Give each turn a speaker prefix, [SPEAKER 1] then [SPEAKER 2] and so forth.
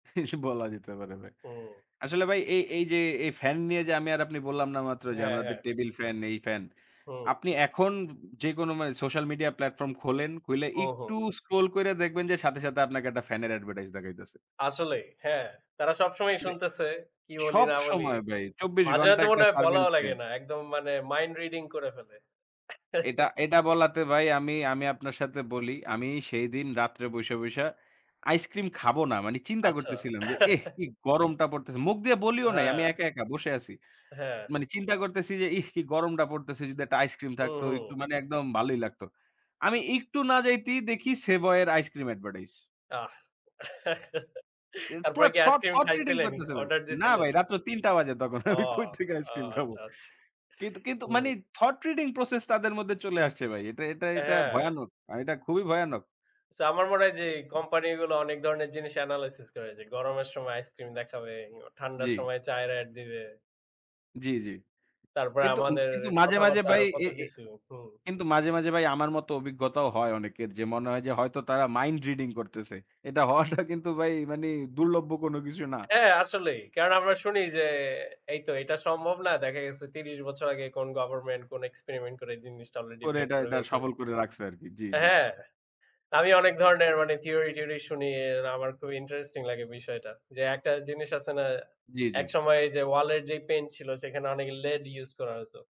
[SPEAKER 1] এই বলা যেতে পারে ভাই
[SPEAKER 2] ও।
[SPEAKER 1] আসলে ভাই এ এই যে, এ fan নিয়ে যে আমি আর আপনি বললাম না মাত্র যে,
[SPEAKER 2] হ্যাঁ,
[SPEAKER 1] আমাদের
[SPEAKER 2] হ্যাঁ।
[SPEAKER 1] টেবিল fan, এই ফ্যান।
[SPEAKER 2] হুম।
[SPEAKER 1] আপনি এখন যেকোনো মানে social media platform খোলেন, খুইলে
[SPEAKER 2] হুম, হুম।
[SPEAKER 1] একটু scroll কইরা দেখবেন যে সাথে, সাথে, আপনাকে একটা fan-এর advertise দেখাইতাছে।
[SPEAKER 2] আসলেই, হ্যাঁ। তারা সব সময়ই শুনতেছে, কী বলি
[SPEAKER 1] সব
[SPEAKER 2] না বলি।
[SPEAKER 1] সময় ভাই ২৪
[SPEAKER 2] মাঝে
[SPEAKER 1] ঘণ্টা
[SPEAKER 2] মধ্যে মনে
[SPEAKER 1] একটা
[SPEAKER 2] হয়
[SPEAKER 1] surveillance
[SPEAKER 2] বলাও
[SPEAKER 1] scan
[SPEAKER 2] লাগে না, একদম মানে mind reading করে ফেলে।
[SPEAKER 1] এটা এটা, বলাতে ভাই আমি, আমি, আপনার সাথে বলি আমি সেই দিন রাত্রে বইসা, বইসা, ice cream খাবো না মানে চিন্তা
[SPEAKER 2] আচ্ছা।
[SPEAKER 1] করতেছিলাম। যে এহ! কি গরমটা পড়তেছে মুখ দিয়ে বলিও নাই
[SPEAKER 2] হ্যাঁ।
[SPEAKER 1] আমি একা, একা, বসে আছি।
[SPEAKER 2] হ্যাঁ।
[SPEAKER 1] মানে চিন্তা করতেছি যে ইহ! কি গরমটা পড়তেছে। যদি একটা ice cream
[SPEAKER 2] হু,
[SPEAKER 1] থাকতো
[SPEAKER 2] হুম।
[SPEAKER 1] একটু মানে একদম ভালোই লাগতো আমি একটু না যাইতেই দেখি সেভয়ের ice cream advertise।
[SPEAKER 2] আহ!
[SPEAKER 1] এ
[SPEAKER 2] তারপরে
[SPEAKER 1] পুরা
[SPEAKER 2] কি ice
[SPEAKER 1] thought,
[SPEAKER 2] cream
[SPEAKER 1] thought reading
[SPEAKER 2] খাইছিলেনই?
[SPEAKER 1] করতেছে ভাই।
[SPEAKER 2] Order
[SPEAKER 1] না
[SPEAKER 2] দিছিলেন?
[SPEAKER 1] ভাই, রাত্রে ৩ টা বাজে তখন আমি
[SPEAKER 2] ওহ!
[SPEAKER 1] কই থেকে ice
[SPEAKER 2] ও
[SPEAKER 1] cream খাবো?
[SPEAKER 2] আচ্ছা, আচ্ছা।
[SPEAKER 1] কিন কিন্তু
[SPEAKER 2] হুম।
[SPEAKER 1] মানে thought reading process তাদের মধ্যে চলে আসছে ভাই এটা এটা এটা
[SPEAKER 2] হ্যাঁ।
[SPEAKER 1] ভয়ানক। আ এটা খুবই ভয়ানক।
[SPEAKER 2] so আমার মনে হয় যে company গুলো অনেক ধরনের জিনিস analysis করে যে গরমের সময় ice cream দেখাবে, ঠান্ডার
[SPEAKER 1] জি।
[SPEAKER 2] সময় চায়ের ad দিবে।
[SPEAKER 1] জি, জি
[SPEAKER 2] তারপরে
[SPEAKER 1] কিন্তু উ
[SPEAKER 2] আমাদের
[SPEAKER 1] কিন্তু মাঝে, মাঝে,
[SPEAKER 2] কথাবার্তা
[SPEAKER 1] ভাই
[SPEAKER 2] আরও কত
[SPEAKER 1] এ এ
[SPEAKER 2] কিছু। হুম।
[SPEAKER 1] কিন্তু মাঝে, মাঝে, ভাই আমার মতো অভিজ্ঞতাও হয় অনেকের। যে মনে হয় যে হয়তো তারা mind reading করতেছে। এটা হওয়াটা কিন্তু ভাই মানে দুর্লভ্য কোন কিছু না।
[SPEAKER 2] হ্যাঁ, আসলেই কারণ আমরা শুনি যে, এই তো এটা সম্ভব না। দেখা গেছে ৩০ বছর আগে কোন government কোন experiment করে এই জিনিসটা already
[SPEAKER 1] করে
[SPEAKER 2] বের
[SPEAKER 1] এটা,
[SPEAKER 2] করে
[SPEAKER 1] এটা,
[SPEAKER 2] ফেলছে।
[SPEAKER 1] সফল করে রাখছে আরকি জি, জি।
[SPEAKER 2] হ্যাঁ। তা আমি অনেক ধরনের মানে theory টিয়রি শুনি। আমার খুব interesting লাগে বিষয়টা। যে একটা জিনিস আছে না
[SPEAKER 1] জি, জি।
[SPEAKER 2] একসময় যে wall এর যে paint ছিল সেখানে অনেক লেড use করা হতো।